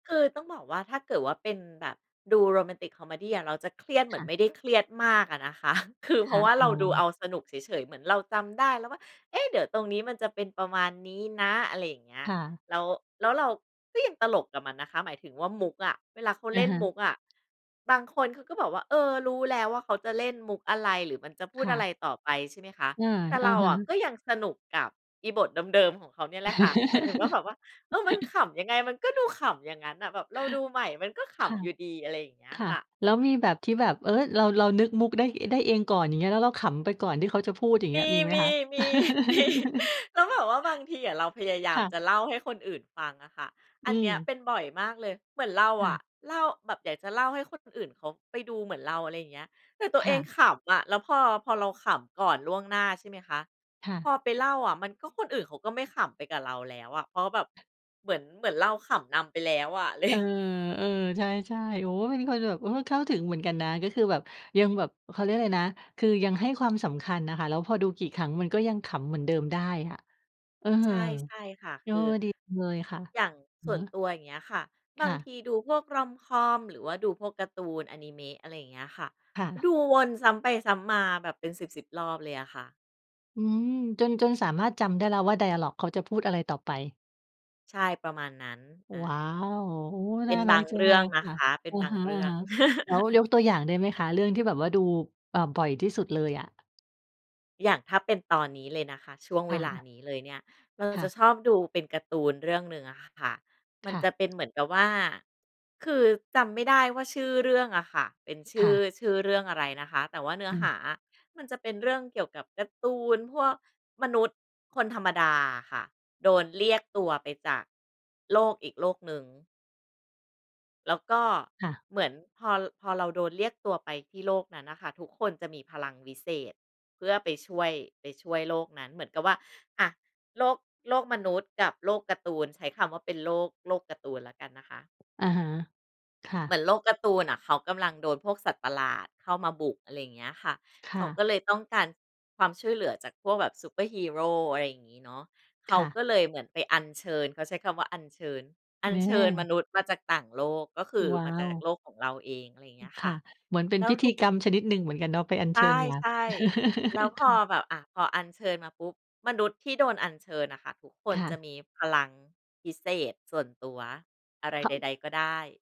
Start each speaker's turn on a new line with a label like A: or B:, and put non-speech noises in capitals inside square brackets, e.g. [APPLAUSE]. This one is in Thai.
A: คือต้องบอกว่า ถ้าเกิดว่าเป็นแบบดูโรแมนติกคอเมดีอะเราจะเครียดเหม
B: ค
A: ือ
B: ่
A: นไ
B: ะ
A: ม่ได้เครียดมากอะนะคะ [CHUCKLES] คือเ
B: ค
A: พรา
B: ่ะ
A: ะว่า
B: อ
A: เร
B: ๋
A: า
B: อ
A: ดูเอาสนุกเฉย ๆ เหมือนเราจำได้แล้วว่า เอ๊ะ เดี๋ยวตรงนี้มันจะเป็นประมาณนี้นะ อะไรอย่างเงี้ย
B: ค่ะ
A: แล้ว แล้วเราก็ยังตลกกับมันนะคะ หมายถึงว่ามุกอะ เวลาเขา
B: อ
A: เล
B: ะ
A: ่น
B: ฮ
A: มุ
B: ะ
A: กอะ บางคนเขาก็บอกว่า เอ่อ "รู้แล้วว่าเขาจะเล่นมุกอะไร หรือมันจะพู
B: ค
A: ด
B: ่
A: อะไ
B: ะ
A: รต่อไป" ใช่ไหมคะ
B: เออ
A: แต่
B: อ
A: เ
B: ะ
A: รา
B: ฮะ
A: อะก็ยังสนุกกับอีบทเดิม ๆ ของเขาเนี่ยแหละค่ะ หมายถึงว่าแบบว่า เอ่อ มัน
B: [CHUCKLES]
A: ขำยังไง มันก็ดูขำอย่างงั้นน่ะ แบบเราดูใหม่มันก็ข
B: ค่ะ
A: ำอยู่ดี อะไรอย่างเงี้ย
B: ค่
A: ค
B: ะ
A: ่ะ
B: แล้วมีแบบที่แบบ เฮ้ย เรา เรานึกมุกได้ อ ได้เองก่อน แล้วเราขำไปก่อนที่เขาจะพูด อย่างเ
A: ม
B: งี้ยมีไหมค
A: ี
B: ะ?
A: ๆ มี
B: [LAUGHS]
A: ๆ แล้วแบบว่าบางทีอะ เราพยายา
B: ค
A: ม
B: ่ะ
A: จะเล่าให้คนอื่นฟังอะค่ะ
B: อ
A: อ
B: ื
A: ันเนี้ยเ
B: ม
A: ป็นบ่อยมากเลย เหมือนเรา
B: ค่
A: อะ
B: ะ
A: เล่า แบบอยากจะเล่าให้คนอื่นเขาไปดูเหมือนเรา อะไรอย่างเงี้ย แต่ตัว
B: ค
A: เอ
B: ่
A: ง
B: ะ
A: ขำอะ แล้วพอ พอเราขำก่อนล่วงหน้า ใช่ไหมคะ
B: ค่ะ
A: พอไปเล่าอะมันก็คนอื่นเขาก็ไม่ขำไปกับเราแล้วอะ เพราะแบบเหมือน เหมือนเราขำนำไปแล้วอะ ไร
B: เออ เออ ใช่ ๆ โอ้ เป็นคนแบบ โอ้ เข้าถึงเหมือนกันนะ ก็คือแบบ ยังแบบ เขาเรียกอะไรนะ คือยังให้ความสำคัญน่ะค่ะ แล้วพอดูกี่ครั้งมันก็ยังขำเหมือนเดิมได้อะ เอ่อ เ
A: ใ
B: อ
A: ช
B: อ
A: ่ ใช่
B: ด
A: ค่ะ คือ
B: ีจังเลยค่ะ
A: อย่าง
B: อื
A: ส
B: อ
A: ่ว
B: ฮ
A: น
B: ึ
A: ตัว อย่างเงี้ยค่ะ บ
B: ค
A: า
B: ่
A: ง
B: ะ
A: ทีดูพวก rom-com หรือว่าดูพวกการ์ตู นอนิเมะ อะไรอย่างเงี้ยค่ะ
B: ค่ะ
A: ดูวนซ้ำไป ซ้ำมา แบบเป็น 10,10 รอบเลยอะค่ะ
B: อืม จน จนสามารถจำได้แล้วว่า ไดอะลอก เขาจะพูดอะไรต่อไป
A: ใช่ ประมาณนั้น อ่า
B: ว้าว โอ้
A: เป
B: น
A: ็
B: ่า
A: นบ
B: รั
A: า
B: ก
A: ง
B: จั
A: เร
B: ง
A: ื
B: เ
A: ่
B: ล
A: อง
B: ย
A: น
B: ค
A: ะ
B: ่ะ
A: คะ เป็
B: อ
A: น
B: ะ
A: บา
B: ฮ
A: ง
B: ะ
A: เรื่อง
B: ๆ แล้วย
A: [LAUGHS]
B: กตัวอย่างได้ไหมคะเรื่องที่แบบว่าดู อ่า บ่อยที่สุดเลยอะ?
A: อย่างถ้าเป็นตอนนี้เลยนะคะ ช่วง
B: ค
A: เว
B: ่
A: ลา
B: ะ
A: นี้เลยเนี่ย เรา
B: ค
A: จ
B: ่
A: ะ
B: ะ
A: ชอบดูเป็นการ์ตูนเรื่องหนึ่งอะค่ะ มั
B: ค
A: น
B: ่
A: จะ
B: ะ
A: เป็นเหมือนกับว่า คือจำไม่ได้ว่าชื่อเรื่องอะค่ะ เป็นช
B: ค
A: ื่
B: ่
A: อ
B: ะ
A: ชื่อเรื่องอะไรนะคะ แต่ว่าเนื้อ
B: อื
A: ห
B: ม
A: าอะมันจะเป็นเรื่องเกี่ยวกับการ์ตูนพวกมนุษย์คนธรรมดาอะค่ะ โดนเรียกตัวไปจากโลกอีกโลกหนึ่ง แล้วก็
B: ค่ะ
A: เหมือนพอ พอเราโดนเรียกตัวไปที่โลกนั้นน่ะค่ะ ทุกคนจะมีพลังวิเศษเพื่อไปช่วย ไปช่วยโลกนั้น เหมือนกับว่า อา โลก โลกมนุษย์กับโลกการ์ตูน ใช้คำว่าเป็นโลก โลกการ์ตูนแล้วกันนะคะ
B: อะฮะ ค่
A: เหมื
B: ะ
A: อนโลกการ์ตูนน่ะเขากำลังโดนพวกสัตว์ประหลาดเข้ามาบุก อะไรอย่างเงี้ยค่ะ
B: ค
A: เข
B: ่
A: า
B: ะ
A: ก็เลยต้องการความช่วยเหลือจากพวกแบบซูเปอร์ฮีโร อะไรอย่างงี้เนาะ เข
B: ค
A: า
B: ่ะ
A: ก็เลยเหมือนไปอัญเชิญ เขาใช้คำว่าอัญเชิญ อั
B: แม
A: ญเชิญม
B: ่
A: นุษย์มาจากต่างโลก ก็คือ
B: ว้
A: ม
B: า
A: าจา
B: ว
A: กโลกของเราเอง อะไรอย่างเ
B: อื
A: งี
B: ม
A: ้ยค
B: ค่
A: ่ะ
B: ะ เหมือนเป็
A: แ
B: น
A: ล้ว
B: พิธ
A: ท
B: ี
A: ุก
B: กรรมชนิดหนึ่งเหมือนกันเนาะ ไปอัญ
A: ใช
B: เชิ
A: ่
B: ญมา
A: ใช่ แล้วพ
B: [LAUGHS] ค
A: อ
B: ่ะ
A: แบบ อา พออัญเชิญมาปุ๊บ มนุษย์ที่โดนอัญเชิญน่ะค่ะ ทุกค
B: ค
A: น
B: ่
A: จะ
B: ะ
A: มีพลังพิเศษส่วนตัวอะไร
B: เข
A: ใ
B: า
A: ด ๆ ก็ได้